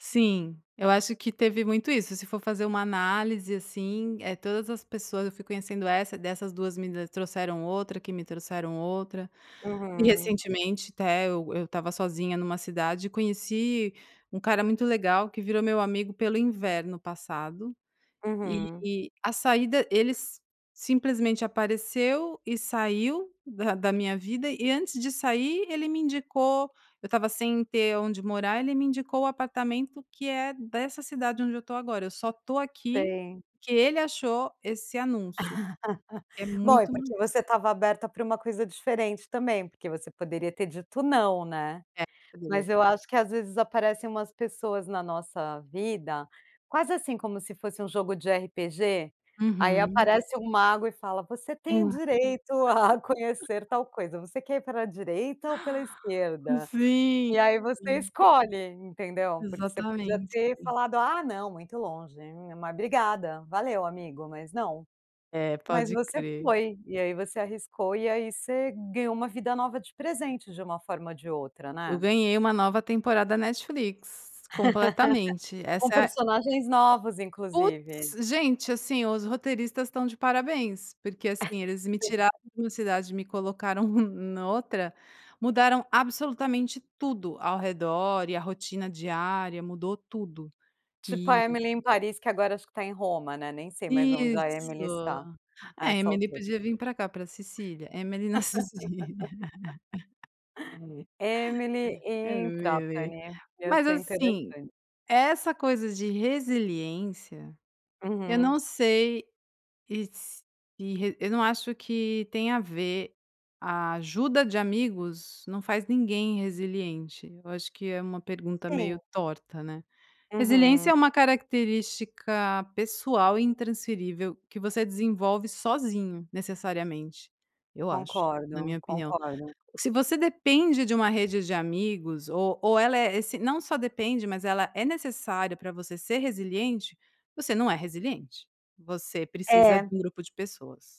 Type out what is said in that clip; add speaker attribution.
Speaker 1: Sim. Eu acho que teve muito isso, se for fazer uma análise, assim, eh, todas as pessoas eu fui conhecendo, essa, dessas 2 me trouxeram outra, que me trouxeram outra. E
Speaker 2: Uhum.
Speaker 1: recentemente até eu eu estava sozinha numa cidade e conheci um cara muito legal que virou meu amigo pelo inverno passado
Speaker 2: Uhum.
Speaker 1: e a saída ele simplesmente apareceu e saiu da da minha vida. E, antes de sair, ele me indicou eu estava sem ter onde morar; ele me indicou o apartamento que é dessa cidade onde eu estou agora. Eu só estou aqui
Speaker 2: Sim.
Speaker 1: porque ele achou esse anúncio, que é
Speaker 2: Bom, é
Speaker 1: muito no
Speaker 2: porque você estava aberta para uma coisa diferente também, porque você poderia ter dito não, né?
Speaker 1: É
Speaker 2: Mas
Speaker 1: [unintelligible]
Speaker 2: eu acho que, às vezes, aparecem umas pessoas na nossa vida, quase, assim, como se fosse um jogo de RPG? Aí
Speaker 1: Uhum.
Speaker 2: aparece um mago e fala: "Você
Speaker 1: É.
Speaker 2: tem direito a conhecer tal coisa. Você quer ir pela direita ou pela esquerda?"
Speaker 1: Sim,
Speaker 2: E aí você
Speaker 1: sim.
Speaker 2: escolhe, entendeu? Porque você podia
Speaker 1: Exatamente,
Speaker 2: ter
Speaker 1: sim.
Speaker 2: falado: "Ah, não muito longe, né, mas obrigada, valeu amigo, mas não".
Speaker 1: É,
Speaker 2: Mas
Speaker 1: pode
Speaker 2: você
Speaker 1: crer.
Speaker 2: foi e aí, você arriscou, e aí você ganhou uma vida nova de presente de uma forma ou de outra,
Speaker 1: Eu
Speaker 2: né.
Speaker 1: ganhei uma nova temporada Netflix, completamente.
Speaker 2: Com
Speaker 1: Essa é g
Speaker 2: personagens novos, inclusive.
Speaker 1: putz! Gente, assim, os roteiristas estão de parabéns, porque, assim, eles me tiraram de uma cidade e me colocaram na outra. Mudaram absolutamente tudo ao redor e a rotina diária, mudou tudo
Speaker 2: Tipo
Speaker 1: e
Speaker 2: a Emily em Paris, que agora acho que está em Roma, né. Nem sei mais onde a Emily está
Speaker 1: Isso.
Speaker 2: a
Speaker 1: É,
Speaker 2: essa
Speaker 1: Emily
Speaker 2: altura.
Speaker 1: podia vim pra cá pra Cecília, Emily na Cecília.
Speaker 2: Emily em
Speaker 1: Emily.
Speaker 2: Trapani, ia
Speaker 1: Mas
Speaker 2: ser
Speaker 1: assim,
Speaker 2: interessante.
Speaker 1: essa coisa de resiliência, eu
Speaker 2: Uhum.
Speaker 1: não sei e s eu não acho que tem a ver a ajuda de amigos não faz ninguém resiliente, eu acho que é uma pergunta
Speaker 2: Sim.
Speaker 1: meio torta, né. Resiliência é
Speaker 2: Uhum.
Speaker 1: uma característica pessoal, intransferível, que você desenvolve sozinho, necessariamente, eu acho, na minha
Speaker 2: Concordo,
Speaker 1: opinião.
Speaker 2: concordo.
Speaker 1: Se você depende de uma rede de amigos, ou ou ela é essen não só depende, mas ela é necessária pra você ser resiliente, você não é resiliente, você precisa de
Speaker 2: É.
Speaker 1: um grupo de pessoas.